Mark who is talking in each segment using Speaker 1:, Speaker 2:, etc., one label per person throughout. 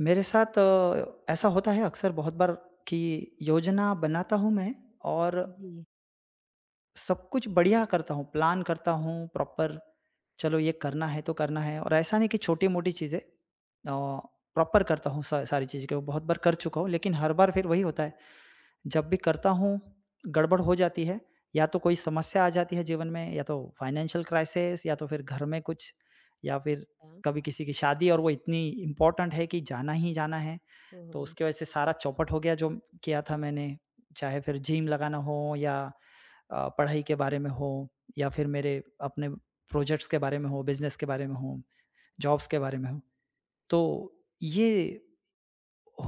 Speaker 1: मेरे साथ अ, ऐसा होता है अक्सर बहुत बार कि योजना बनाता हूँ मैं और
Speaker 2: जी।
Speaker 1: सब कुछ बढ़िया करता हूँ, प्लान करता हूँ प्रॉपर। चलो ये करना है तो करना है और ऐसा नहीं कि छोटी-मोटी चीज़ें औ प्रॉपर करता हूँ सा सारी चीज़ें को, बहुत बार कर चुका हूँ। लेकिन हर बार फ़िर वही होता है जब भी करता हूँ, गड़बड़ हो जाती है या तो कोई समस्या आ जाती है जीवन में, या तो फाइनेंशियल क्राइसिस या तो फ़िर घर में कुछ या फ़िर
Speaker 2: अच्छा।
Speaker 1: कभी किसी की शादी और वो इतनी इम्पोर्टेन्ट है कि जाना ही जाना है। तो
Speaker 2: ओह!
Speaker 1: उसके वजह से सारा चौपट हो गया जो किया था मैंने, चाहे फ़िर जिम लगाना हो या अ, पढ़ाई के बारे में हो या फ़िर मेरे अपने प्रोजेक्ट्स के बारे में हो, बिज़नेस के बारे में हो, जॉब्स के बारे में हो। तो ये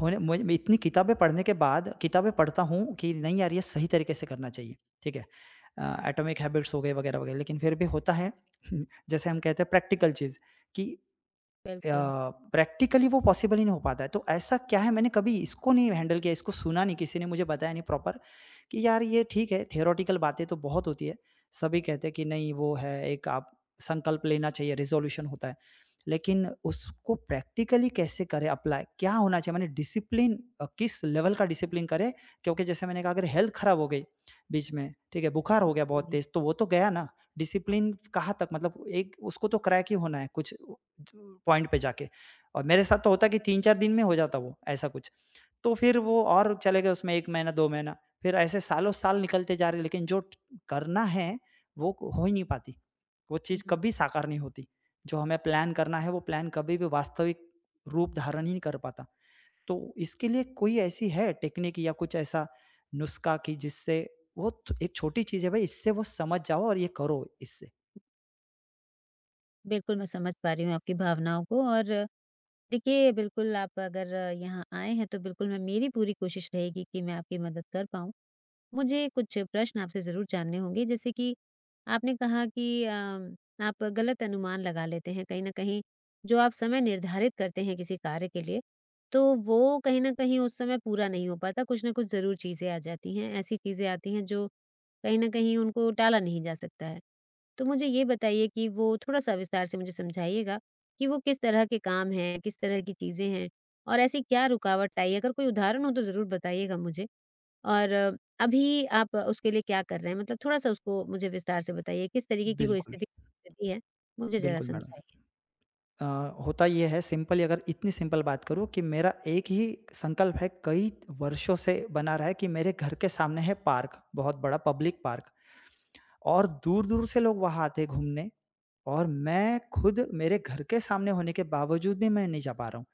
Speaker 1: होने मैं मैं इतनी किताबें पढ़ने के बाद किताबें पढ़ता हूँ कि नहीं यार ये सही तरीके से करना चाहिए, ठीक है। अ, एटॉमिक हैबिट्स हो गए वगैरह-वगैरह लेकिन फ़िर भी होता है, जैसे हम कहते हैं प्रैक्टिकल चीज़ कि अ,
Speaker 2: बिल्कुल।
Speaker 1: प्रैक्टिकली वो पॉसिबल ही नहीं हो पाता है। तो ऐसा क्या है, मैंने कभी इसको नहीं हैंडल किया, इसको सुना नहीं, किसी ने मुझे बताया नहीं प्रॉपर कि यार ये ठीक है। थ्योरेटिकल बातें तो बहुत होती है, सभी कहते हैं कि नहीं वो है एक आप संकल्प लेना चाहिए, रेज़ोल्यूशन होता है। लेकिन उसको प्रैक्टिकली कैसे करें अप्लाई, क्या होना चाहिए। माने डिसिप्लिन अ, किस लेवल का डिसिप्लिन करें। क्योंकि जैसे मैंने कहा अगर हेल्थ खराब हो गई बीच में, ठीक है? बुखार हो गया बहुत
Speaker 2: जी।
Speaker 1: तेज़, तो वो तो गया ना, डिसिप्लिन कहाँ तक मतलब एक उसको तो क्रेक ही होना है कुछ त पॉइंट पे जाके। और मेरे साथ तो होता कि 3-4 दिन में हो जाता वो ऐसा कुछ। तो फ़िर वो और चले गए उसमें 1 महीना, 2 महीना, फ़िर ऐसे सालों साल निकलते जा रहे लेकिन जो करना है, वो हो ही नहीं पाती, वो
Speaker 2: हुँ,
Speaker 1: चीज़
Speaker 2: हुँ।
Speaker 1: कभी साकार नहीं होती। जो हमें प्लान करना है वो प्लान कभी भी वास्तविक रूप धारण ही नहीं कर पाता। तो इसके लिए कोई ऐसी है टेक्नीक या कुछ ऐसा नुस्खा कि जिससे बहुत एक छोटी चीज़ है भाई इससे वो समझ जाओ और ये करो इससे?
Speaker 2: बिल्कुल, मैं समझ पा रही हूँ आपकी भावनाओं को और देखिए बिल्कुल आप अगर यहाँ आए हैं तो बिल्कुल मैं मेरी पूरी कोशिश रहेगी कि मैं आपकी मदद कर पाऊँ। मुझे कुछ प्रश्न आपसे ज़रूर जानने होंगे जैसे कि आपने कहा कि अ, आप ग़लत अनुमान लगा लेते हैं कहीं न कहीं। जो आप समय निर्धारित करते हैं किसी कार्य के लिए तो वो कहीं न कहीं उस समय पूरा नहीं हो पाता। कुछ न कुछ ज़रूर चीज़ें आ जाती हैं। ऐसी चीजें आती हैं जो कहीं न कहीं उनको टाला नहीं जा सकता है। तो मुझे ये बताइए कि वो थोड़ा-सा विस्तार से मुझे समझाइएगा कि वो किस तरह के काम हैं, किस तरह की चीज़ें हैं और ऐसी क्या रुकावट आई है? अगर कोई उदाहरण हो तो ज़रूर बताइएगा मुझे और अभी आप अ, उसके लिए क्या कर रहे हैं? मतलब थोड़ा-सा उसको मुझे विस्तार से बताइए, किस तरीक़े की वो
Speaker 1: बिल्कुल।
Speaker 2: स्थिति गुज़र रही है मुझे जरा
Speaker 1: बिल्कुल मैडम।
Speaker 2: समझाइए?
Speaker 1: अ, होता ये है सिम्पली अगर इतनी सिंपल बात करूँ कि मेरा एक ही संकल्प है। कई वर्षों से बना रहा है कि मेरे घर के सामने है पार्क, बहुत बड़ा पब्लिक पार्क और दूर-दूर से लोग वहाँ आते हैं घूमने। और मैं ख़ुद मेरे घर के सामने होने के बावजूद भी मैं नहीं जा पा रहा हूँ।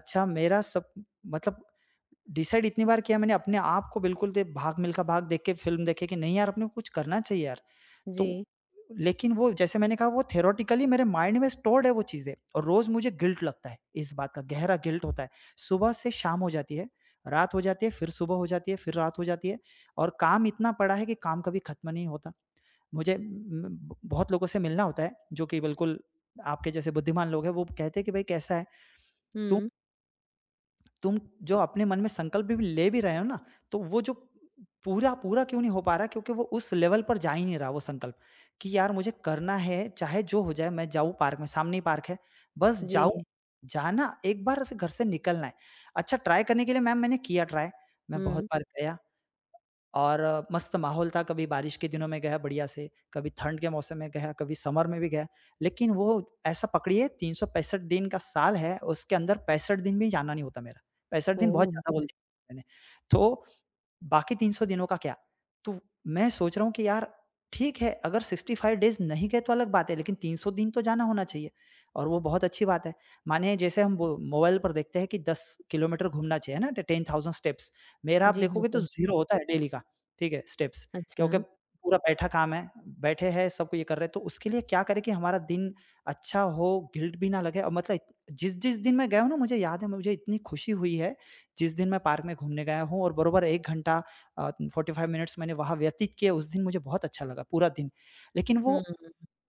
Speaker 1: अच्छा मेरा सब मतलब डीसाइड इतनी बार किया मैंने अपने आप को बिल्कुल दे, "भाग मिलखा भाग" देख के फ़िल्म देखे कि नहीं यार अपने को कुछ करना चाहिए यार। तो
Speaker 2: जी।
Speaker 1: लेक़िन वो जैसे मैंने कहा वो थियोरेटिकली मेरे माइंड में स्टोर्ड है वो चीज़ें। और रोज़ मुझे गिल्ट लगता है इस बात का गहरा गिल्ट होता है। सुबह से शाम हो जाती है, रात हो जाती है, फ़िर सुबह हो जाती है, फ़िर रात हो जाती है और काम इतना पड़ा है कि काम कभी ख़त्म नहीं होता। मुझे ब बहुत लोगों से मिलना होता है जो कि बिल्कुल आपके जैसे बुद्धिमान लोग हैं। वो कहते हैं कि भाई कैसा है? तो
Speaker 2: हुँ।
Speaker 1: तुम जो अपने मन में संकल्प भी ले भी रहे हो ना तो वो जो पूरा पूरा क्यों नहीं हो पा रहा क्योंकि वो उस लेवल पर जा ही नहीं रहा वो संकल्प कि यार मुझे करना है चाहे जो हो जाए मैं जाऊँ पार्क में सामने ही पार्क है। बस जाऊँ
Speaker 2: जी।
Speaker 1: जाना एक बार ऐसे घर से निकलना है। अच्छा ट्राई करने के लिए मैम मैंने किया ट्राई मैं बहुत
Speaker 2: हुँ।
Speaker 1: बार गया और मस्त माहौल था। कभी बारिश के दिनों में गया बढ़िया से कभी ठंड के मौसम में गया कभी समर में भी गया। लेक़िन वो ऐसा पकड़िए 365 दिन का साल है, उसके अंदर 65 दिन भी जाना नहीं होता मेरा। 65 दिन बहुत
Speaker 2: ओह!
Speaker 1: ज़्यादा बोल दिया मैंने। तो बाकी 300 दिनों का क्या? तो मैं सोच रहा हूँ कि यार ठीक है अगर 65 डेज़ नहीं गए तो अलग बात है लेक़िन 300 दिन तो जाना होना चाहिए और वो बहुत अच्छी बात है। मानिए जैसे हम मोबाइल पर देखते हैं कि 10 किलोमीटर घूमना चाहिए ना 10,000 स्टेप्स मेरा आप
Speaker 2: जी
Speaker 1: देखोगे तो
Speaker 2: बिल्कुल।
Speaker 1: 0 होता है डेली का, ठीक है स्टेप्स क्योंकि
Speaker 2: अच्छा।
Speaker 1: पूरा बैठा काम है, बैठे हैं सब को ये कर रहे हैं। तो उसके लिए क्या करें कि हमारा दिन अच्छा हो गिल्ट भी ना लगे और मतलब जिस-जिस दिन मैं गया हूँ ना मुझे याद है मुझे इतनी खुशी हुई है। जिस दिन मैं पार्क में घूमने गया हूँ और बराबर 1 घंटा 45 मिनट्स मैंने वहाँ व्यतीत किए उस दिन मुझे बहुत अच्छा लगा पूरा दिन। लेक़िन वो
Speaker 2: हम्म।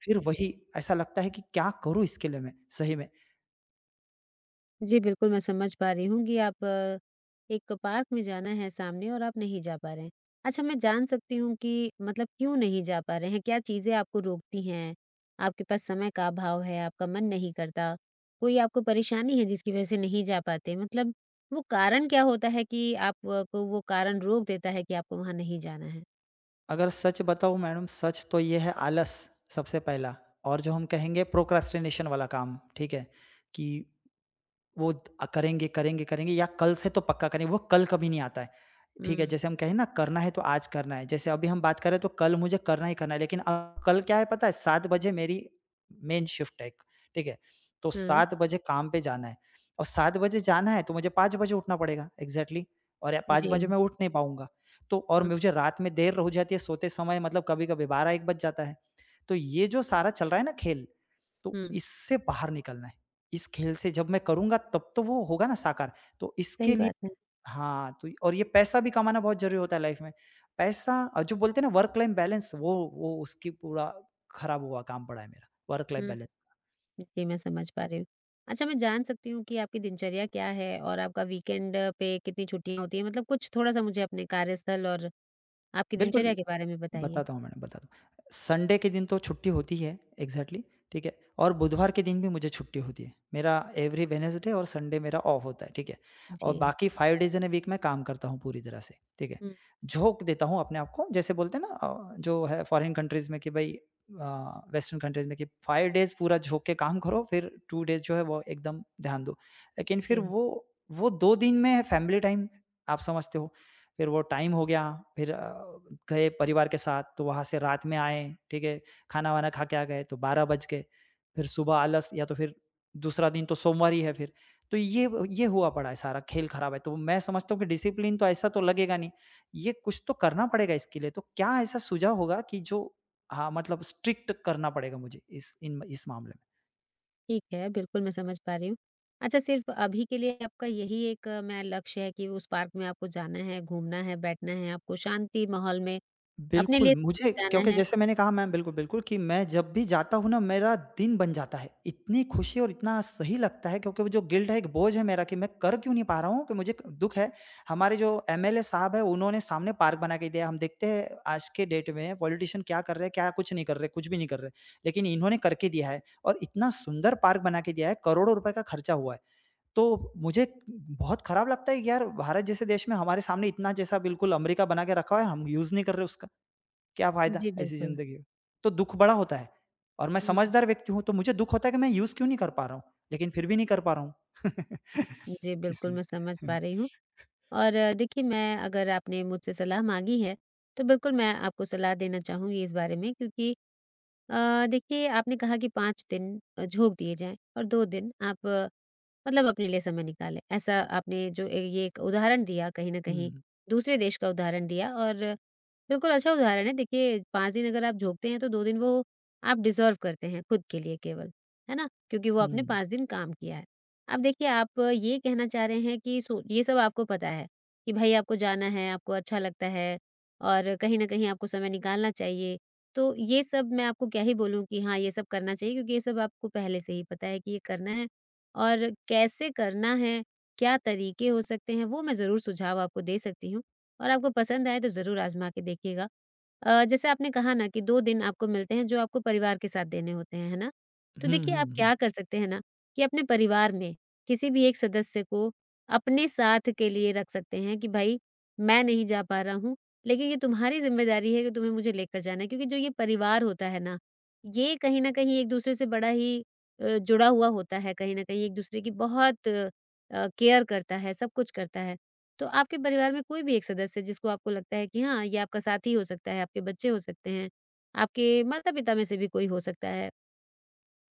Speaker 1: फ़िर वही ऐसा लगता है कि क्या करूँ इसके लिए मैं सही में।
Speaker 2: जी, बिल्कुल मैं समझ पा रही हूँ कि आप एक पार्क में जाना है सामने और आप नहीं जा पा रहे हैं। अच्छा, मैं जान सकती हूँ कि मतलब क्यों नहीं जा पा रहे हैं? क्या चीजें आपको रोकती हैं? आपके पास समय का अभाव है, आपका मन नहीं करता। कोई आपको परेशानी है जिसकी वजह से नहीं जा पाते। मतलब वो कारण क्या होता है कि आपको वो कारण रोक देता है कि आपको वहाँ नहीं जाना है?
Speaker 1: अगर सच बताओ मैडम सच तो ये है आलस सबसे पहला और जो हम कहेंगे प्रोक्रेस्टिनेशन वाला काम, ठीक है। कि वो द करेंगे, करेंगे, करेंगे या कल से तो पक्का करेंगे। वो कल कभी नहीं आता है। ठीक है
Speaker 2: हुँ।
Speaker 1: जैसे हम कहें ना करना है तो आज करना है। जैसे अभी हम बात करें तो कल मुझे करना ही करना है। लेक़िन अ, कल क्या है पता है 7 बजे मेरी मेन शिफ्ट है एक, ठीक है। तो
Speaker 2: हुँ।
Speaker 1: 7 बजे काम पे जाना है और 7 बजे जाना है तो मुझे 5 बजे उठना पड़ेगा एक्ज़ैक्टली और 5 बजे
Speaker 2: जी।
Speaker 1: मैं उठ नहीं पाऊँगा। तो और
Speaker 2: हुँ।
Speaker 1: मुझे रात में देर हो जाती है सोते समय मतलब कभी-कभी 12 1 बज जाता है। तो ये जो सारा चल रहा है ना खेल तो
Speaker 2: हुँ।
Speaker 1: इससे बाहर निकलना है। इस खेल से जब मैं करूँगा तब तो वो होगा ना साकार। तो
Speaker 2: सही
Speaker 1: इसके लिए
Speaker 2: बात है।
Speaker 1: हाँ तो और ये पैसा भी कमाना बहुत ज़रूरी होता है लाइफ में। पैसा और जो बोलते हैं ना वर्क लाइन बैलेंस वो वो उसकी पूरा ख़राब हुआ काम पड़ा है मेरा वर्क लाइफ
Speaker 2: हम्म,
Speaker 1: बैलेंस का।
Speaker 2: जी मैं समझ पा रही हूँ। अच्छा, मैं जान सकती हूँ कि आपकी दिनचर्या क्या है? और आपका वीकेंड पे कितनी छुट्टियाँ होती हैं। मतलब कुछ थोड़ा-सा मुझे अपने कार्यस्थल और आपकी
Speaker 1: बिल्कुल,
Speaker 2: दिनचर्या के बारे में बताइए?
Speaker 1: बताता हूँ मैडम बताता हूँ। संडे के दिन तो छुट्टी होती है एक्ज़ैक्टली ठीक है। और बुधवार के दिन भी मुझे छुट्टी होती है। मेरा एवरी वेडनेसडे और संडे मेरा ऑफ होता है। ठीक है? और
Speaker 2: जी।
Speaker 1: बाकी 5 डेज़ इन अ, वीक मैं काम करता हूँ पूरी तरह से। ठीक है?
Speaker 2: हुँ।
Speaker 1: झोंक देता हूँ अपने आप को जैसे बोलते हैं ना अ, जो है फ़ौरन कन्ट्रीज में कि भई अ, वेस्टर्न कन्ट्रीज में कि 5 डेज़ पूरा झोंक के काम करो फ़िर 2 डेज़ जो है वो एकदम ध्यान दो। लेकिन फ़िर
Speaker 2: जी।
Speaker 1: वो वो 2 दिन में फैमिली टाइम आप समझते हो। फ़िर वो टाइम दिन हो गया। फ़िर अ, गए परिवार के साथ तो वहाँ से रात में आए। ठीक है? ख़ाना-वाना ख़ा के आ गए तो 12 बज गए। फ़िर सुबह आलस या तो फ़िर दूसरा दिन तो सोमवार ही है फ़िर। तो ये ये हुआ पड़ा है सारा खेल ख़राब है। तो मैं समझता हूँ कि डिसिप्लिन तो ऐसा तो लगेगा नहीं। ये कुछ तो करना पड़ेगा इसके लिए। तो क्या ऐसा सुझाव होगा कि जो हाँ, मतलब स्ट्रिक्ट करना पड़ेगा मुझे इस इन इस मामले में।
Speaker 2: ठीक है, बिल्कुल मैं समझ पा रही हूँ। अच्छा, सिर्फ अभी के लिए आपका यही एक मैं लक्ष्य है कि उस पार्क में आपको जाना है, घूमना है, बैठना है, आपको शांति माहौल में अपने
Speaker 1: बिल्कुल
Speaker 2: लिए समय
Speaker 1: मुझे क्योंकि
Speaker 2: बिताना है?
Speaker 1: जैसे मैंने कहा मैम बिल्कुल-बिल्कुल कि मैं जब भी जाता हूँ ना मेरा दिन बन जाता है। इतनी खुशी और इतना सही लगता है क्योंकि वो जो गिल्ट है, एक बोझ है मेरा कि मैं कर क्यों नहीं पा रहा हूँ कि मुझे क दुःख है, हमारे जो एम एल ए साहब हैं। उन्होंने सामने पार्क बना के दिया। हम देखते हैं आज के डेट में पॉलिटिशियन क्या कर रहे हैं, क्या कुछ नहीं कर रहे कुछ भी नहीं कर रहे। लेकिन इन्होंने करके दिया है। और इतना सुंदर पार्क बना के दिया है, करोड़ों रुपए का खर्चा हुआ है। तो मुझे बहुत खराब लगता है यार भारत जैसे देश में हमारे सामने इतना जैसा बिल्कुल अमेरिका बना के रखा हुआ है, हम यूज़ नहीं कर रहे उसका। क्या फायदा
Speaker 2: जी,
Speaker 1: ऐसी
Speaker 2: बिल्कुल।
Speaker 1: जिंदगी तो दुःख बड़ा होता है। और मैं
Speaker 2: हुँ।
Speaker 1: समझदार व्यक्ति हूँ तो मुझे दुःख होता है कि मैं यूज़ क्यों नहीं कर पा रहा हूँ। लेकिन फ़िर भी नहीं कर पा रहा हूँ।
Speaker 2: जी, बिल्कुल
Speaker 1: इसलिए
Speaker 2: मैं समझ पा रही हूँ। और देखिए मैं अगर आपने मुझसे सलाह माँगी है तो बिल्कुल मैं आपको सलाह देना चाहूँगी इस बारे में। क्योंकि अ, देखिए आपने कहा कि 5 दिन झोंक दिए जाएँ और 2 दिन आप मतलब अपने लिए समय निकालें। ऐसा आपने जो अ, ये एक उदाहरण दिया, कहीं न कहीं
Speaker 1: हुँ।
Speaker 2: दूसरे देश का उदाहरण दिया और बिल्कुल अच्छा उदाहरण है। देखिए, 5 दिन अगर आप झोंकते हैं तो 2 दिन वो आप डिज़र्व करते हैं खुद के लिए केवल। है ना? क्योंकि वो आपने
Speaker 1: हुँ।
Speaker 2: 5 दिन काम किया है। अब देखिए आप ये कहना चाह रहे हैं कि सो ये सब आपको पता है कि भई आपको जाना है, आपको अच्छा लगता है और कहीं न कहीं आपको समय निकालना चाहिए। तो ये सब मैं आपको क्या ही बोलूँ कि हाँ, ये सब करना चाहिए क्योंकि ये सब आपको पहले से ही पता है कि ये करना है। और कैसे करना है, क्या तरीके हो सकते हैं, वो मैं ज़रूर सुझाव आपको दे सकती हूँ और आपको पसंद आए तो ज़रूर आज़मा के देखिएगा। अ, जैसे आपने कहा ना कि 2 दिन आपको मिलते हैं जो आपको परिवार के साथ देने होते हैं, है ना? तो
Speaker 1: हुँ,
Speaker 2: देखिए
Speaker 1: हुँ,
Speaker 2: आप
Speaker 1: हुँ।
Speaker 2: क्या कर सकते हैं ना कि अपने परिवार में किसी भी एक सदस्य को अपने साथ के लिए रख सकते हैं कि भाई मैं नहीं जा पा रहा हूँ। लेकिन ये तुम्हारी ज़िम्मेदारी है कि तुम्हें मुझे लेकर जाना है। क्योंकि जो ये परिवार होता है ना, ये कहीं न कहीं एक दूसरे से बड़ा ही अ, जुड़ा हुआ होता है। कहीं न कहीं एक दूसरे की बहुत अ, केयर करता है, सब कुछ करता है। तो आपके परिवार में कोई भी एक सदस्य जिसको आपको लगता है कि हाँ, ये आपका साथी हो सकता है, आपके बच्चे हो सकते हैं, आपके माता-पिता में से भी कोई हो सकता है।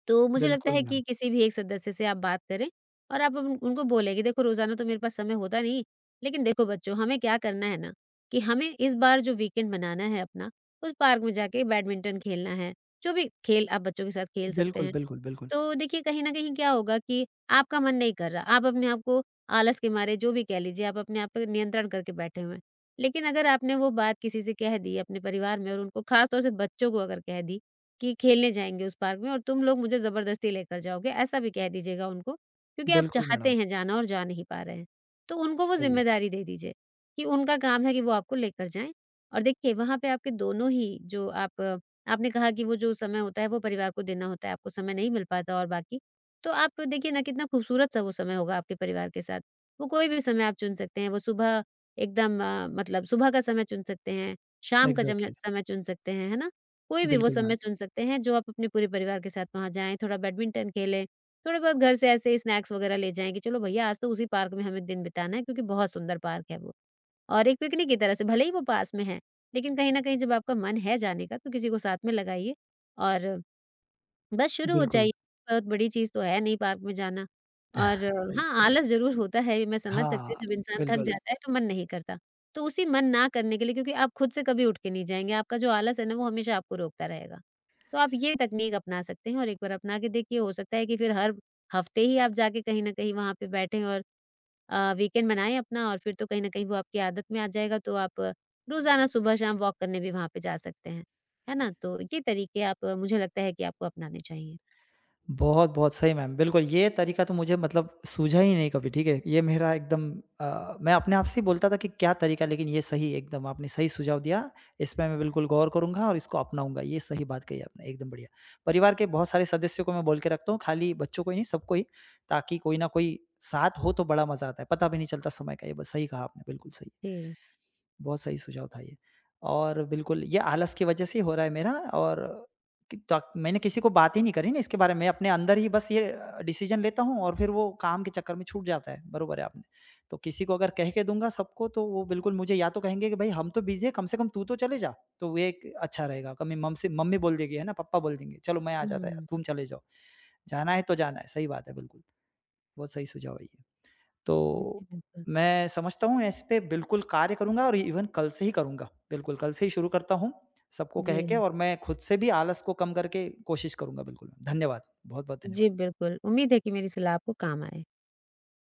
Speaker 2: तो मुझे लगता
Speaker 1: बिल्कुल
Speaker 2: है
Speaker 1: मैम।
Speaker 2: कि किसी भी एक सदस्य से आप बात करें और आप उन उनको बोलें कि देखो रोज़ाना तो मेरे पास समय होता नहीं। लेकिन देखो बच्चों हमें क्या करना है ना कि हमें इस बार जो वीकेंड मनाना है अपना, उस पार्क में जाके बैडमिंटन खेलना है, जो भी खेल आप बच्चों के साथ खेल सकते
Speaker 1: बिल्कुल,
Speaker 2: हैं।
Speaker 1: बिल्कुल, बिल्कुल।
Speaker 2: तो देखिए कहीं न कहीं क्या होगा कि आपका मन नहीं कर रहा, आप अपने आप को आलस के मारे जो भी कह लीजिए, आप अपने आप पे नियंत्रण करके बैठे हुए हैं। लेकिन अगर आपने वो बात किसी से कह दी अपने परिवार में और उनको खास तौर से बच्चों को अगर कह दी कि खेलने जाएँगे उस पार्क में। और तुम लोग मुझे जबरदस्ती लेके जाओगे, ऐसा भी कह दीजिएगा उनको। क्योंकि आप
Speaker 1: बिल्कुल मैडम।
Speaker 2: चाहते हैं जाना और जा नहीं पा रहे हैं, तो उनको वो
Speaker 1: सही है।
Speaker 2: ज़िम्मेदारी दे दीजिए कि उनका काम है कि वो आपको लेकर जाएँ। और देखिए वहाँ पे आपके दोनों ही जो आप आपने कहा कि वो जो समय होता है वो परिवार को देना होता है, आपको समय नहीं मिल पाता। और बाकी तो आप देखिए ना कितना खूबसूरत सा वो समय होगा आपके परिवार के साथ। वो कोई भी समय आप चुन सकते हैं, वो सुबह एकदम मतलब सुबह का समय चुन सकते हैं, शाम का चम
Speaker 1: एग्ज़ैक्टली।
Speaker 2: समय चुन सकते हैं। है ना? कोई भी वो
Speaker 1: बिल्कुल
Speaker 2: समय
Speaker 1: मैम।
Speaker 2: चुन सकते हैं जो आप अपने पूरे परिवार के साथ वहाँ जाएँ, थोड़ा बैडमिंटन खेलें, थोड़े बहुत घर से ऐसे स्नैक्स वगैरह ले जाएँगे की चलो भैया, आज तो उसी पार्क में हमें दिन बिताना है क्योंकि बहुत सुंदर पार्क है वो। और एक पिकनिक की तरह से, भले ही वो पास में है लेकिन कहीं न कहीं जब आपका मन है जाने का तो किसी को साथ में लगाइए और बस शुरू हो
Speaker 1: बिल्कुल।
Speaker 2: जाइए, बहुत बड़ी चीज़ तो है नहीं पार्क में जाना। और
Speaker 1: सही।
Speaker 2: हाँ, आलस ज़रूर होता है ये मैं समझ सकती
Speaker 1: हाँ,
Speaker 2: हूँ, जब इंसान थक
Speaker 1: बिल्कुल।
Speaker 2: जाता है तो मन नहीं करता। तो उसी मन ना करने के लिए क्योंकि आप खुद से कभी उठकर नहीं जाएँगे, आपका जो आलस है ना वो हमेशा आपको रोकता रहेगा। तो आप ये तकनीक अपना सकते हैं और एक बार अपना के देखिए, हो सकता है कि फ़िर हर हफ्ते ही आप जाके कहीं न कहीं वहाँ पर बैठें। और अ, वीकेंड मनाएँ अपना और फ़िर तो कहीं न कहीं वो आपकी आदत में आ जाएगा। तो आप रोज़ाना सुबह-शाम वॉक करने भी वहाँ पर जा सकते हैं। है ना? तो ये तरीके आप मुझे लगता है कि आपको अपनाने चाहिए।
Speaker 1: बहुत-बहुत सही मैम बिल्कुल, ये तरीका तो मुझे मतलब सूझा ही नहीं कभी। ठीक है? ये मेरा एकदम अ, मैं अपने आप से ही बोलता था कि क्या तरीका लेकिन ये सही एकदम आपने सही सुझाव दिया, इस पे मैं बिल्कुल गौर करूँगा और इसको अपनाऊँगा, ये सही बात कही आपने एकदम बढ़िया। परिवार के बहुत सारे सदस्यों को मैं बोल के रखता हूँ, खाली बच्चों को ही नहीं सबको ही ताकि कोई ना कोई साथ हो तो बड़ा मज़ा आता है। पता भी नहीं चलता समय का ये बस सही कहा आपने बिल्कुल सही।
Speaker 2: जी।
Speaker 1: बहुत सही सुझाव था ये। और बिल्कुल ये आलस की वजह से ही हो रहा है मेरा और कि त मैंने किसी को बात ही नहीं करी ना इसके बारे में। अपने अंदर ही बस ये डिसीज़न लेता हूँ और फ़िर वो काम के चक्कर में छूट जाता है, बरोबर है आपने। तो किसी को अगर कह के दूँगा सबको तो वो बिल्कुल मुझे या तो कहेंगे कि भाई हम तो बिज़ी हैं कम से कम तू तो चले जा। तो एक अच्छा रहेगा, कमे मम्मी बोल देगी है ना पप्पा बोल देंगे, चलो मैं आ जाता है
Speaker 2: हुँ।
Speaker 1: तुम चले जाओ। जाना है तो जाना है, सही बात है बिल्कुल, बहुत सही सुझाव है ये।
Speaker 2: जी,
Speaker 1: तो
Speaker 2: बिल्कुल।
Speaker 1: मैं समझता हूँ इस पे बिल्कुल कार्य करूँगा और ईवन कल से ही करूँगा, बिल्कुल कल से ही शुरू करता हूँ, सबको कह के
Speaker 2: जी।
Speaker 1: और मैं खुद से भी आलस को कम करके कोशिश करूँगा बिल्कुल। धन्यवाद। बहुत-बहुत धन्यवाद।
Speaker 2: जी, बिल्कुल। उम्मीद है कि मेरी सलाह आपको काम आए।